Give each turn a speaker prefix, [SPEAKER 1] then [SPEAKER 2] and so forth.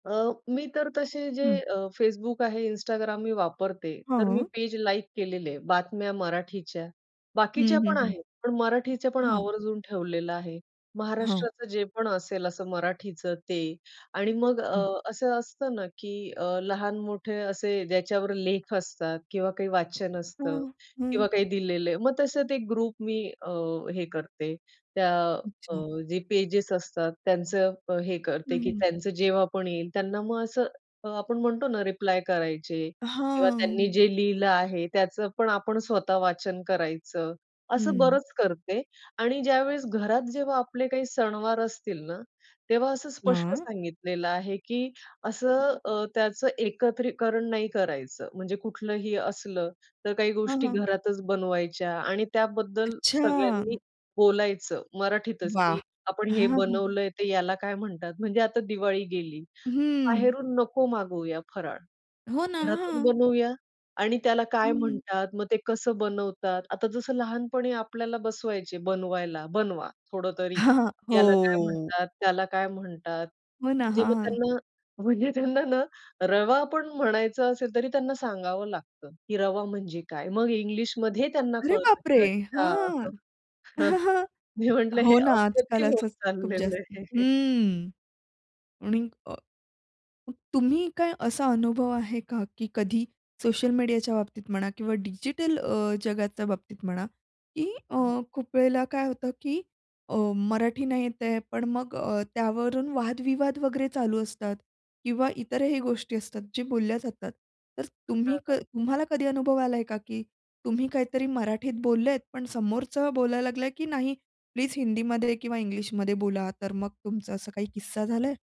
[SPEAKER 1] अ, मी तर तसे जे
[SPEAKER 2] हं.
[SPEAKER 1] अ, Facebook आहे, Instagram मी वापरते, तर मी
[SPEAKER 2] हो.
[SPEAKER 1] पेज लाईक केलेले आहे. बातम्या मराठीच्या,
[SPEAKER 2] हं,
[SPEAKER 1] बाकीच्या
[SPEAKER 2] हं,
[SPEAKER 1] पण
[SPEAKER 2] हं.
[SPEAKER 1] आहेत, पण मराठीच्यापण
[SPEAKER 2] हां.
[SPEAKER 1] आवर्जून ठेवलेलं आहे.
[SPEAKER 2] हां.
[SPEAKER 1] महाराष्ट्राचं जे पण असेल असं मराठीचं ते आणि मग अ,
[SPEAKER 2] हं.
[SPEAKER 1] असं असतं ना की अ, लहान-मोठे असे ज्याच्यावर लेख असतात किंवा काही वाचन असतं
[SPEAKER 2] हां. हं.
[SPEAKER 1] किंवा काही दिलेलं आहे, मग तसंच एक ग्रुप मी अ, हे करते. त्या अ,
[SPEAKER 2] अच्छा.
[SPEAKER 1] जे पेजेस असतात त्यांचं अ, हे
[SPEAKER 2] हं,
[SPEAKER 1] करते की
[SPEAKER 2] हं.
[SPEAKER 1] त्यांचं जेव्हा पण येईल त्यांना मग असं अ, आपण म्हणतो ना रिप्लाय करायचे किंवा त्यांनी
[SPEAKER 2] हां.
[SPEAKER 1] जे लिहिलं आहे त्याचंपण आपण स्वतः वाचन करायचं, असं
[SPEAKER 2] हं.
[SPEAKER 1] बरंच करते आणि ज्यावेळेस घरात जेव्हा आपले काही सणवार असतील ना, तेव्हा असं स्पष्ट
[SPEAKER 2] हां.
[SPEAKER 1] सांगितलेलं आहे, की असं अ, त्याचं एकत्रीकरण नाही करायचं. म्हणजे कुठलंही असलं तर काही
[SPEAKER 2] हां,
[SPEAKER 1] गोष्टी
[SPEAKER 2] हां.
[SPEAKER 1] घरातच बनवायच्या आणि त्याबद्दल सगळ्यांनी
[SPEAKER 2] अच्छा.
[SPEAKER 1] बोलायचं मराठीतच
[SPEAKER 2] वाह!
[SPEAKER 1] की आपण
[SPEAKER 2] हां,
[SPEAKER 1] हे
[SPEAKER 2] हां.
[SPEAKER 1] बनवलंय. ते याला काय म्हणतात. म्हणजे आता दिवाळी गेली.
[SPEAKER 2] हं.
[SPEAKER 1] बाहेरून नको मागवूया फराळ,
[SPEAKER 2] हो ना.
[SPEAKER 1] घरातून
[SPEAKER 2] हां.
[SPEAKER 1] बनवूया आणि त्याला काय
[SPEAKER 2] हं.
[SPEAKER 1] म्हणतात, मग ते कसं बनवतात? आता जसं लहानपणी आपल्याला बसवायचे बनवायला, बनवा. थोडं तरी
[SPEAKER 2] हां.
[SPEAKER 1] याला काय
[SPEAKER 2] हो.
[SPEAKER 1] म्हणतात, त्याला काय म्हणतात.
[SPEAKER 2] हो ना,
[SPEAKER 1] म्हणजे
[SPEAKER 2] हां,
[SPEAKER 1] मग
[SPEAKER 2] हां.
[SPEAKER 1] त्यांना म्हणजे त्यांना ना रवा पण म्हणायचं असेल तरी त्यांना सांगावं लागतं, की रवा म्हणजे काय? मग इंग्लिशमध्ये त्यांना
[SPEAKER 2] अरे
[SPEAKER 1] कळतं
[SPEAKER 2] बापरे!
[SPEAKER 1] की
[SPEAKER 2] हां.
[SPEAKER 1] अच्छा, मी म्हटलं "हे
[SPEAKER 2] हो ना. आजकाल
[SPEAKER 1] अप्रतिम होत
[SPEAKER 2] असंच खूप
[SPEAKER 1] चाललेलं
[SPEAKER 2] जास्त
[SPEAKER 1] आहे."
[SPEAKER 2] हं आणि अ, तुम्ही काय असा अनुभव आहे का की कधी सोशल मीडियाच्या बाबतीत म्हणा किंवा डिजिटल अ, जगाच्या बाबतीत म्हणा, की अ,
[SPEAKER 1] हां.
[SPEAKER 2] खूप वेळेला काय होतं की अ, मराठी नाही येत आहे, पण मग अ, त्यावरून वादविवाद वगैरे चालू असतात किंवा इतरही गोष्टी असतात जे बोलल्या जातात. तर तुम्ही
[SPEAKER 1] हां,
[SPEAKER 2] क
[SPEAKER 1] हां.
[SPEAKER 2] तुम्हाला कधी अनुभव आलाय का की तुम्ही काहीतरी मराठीत बोललेत, पण समोरचं बोलायला लागला की नाही प्लीज हिंदीमध्ये किंवा इंग्लिशमध्ये बोला. तर मग तुमचं असं काही किस्सा झालाय?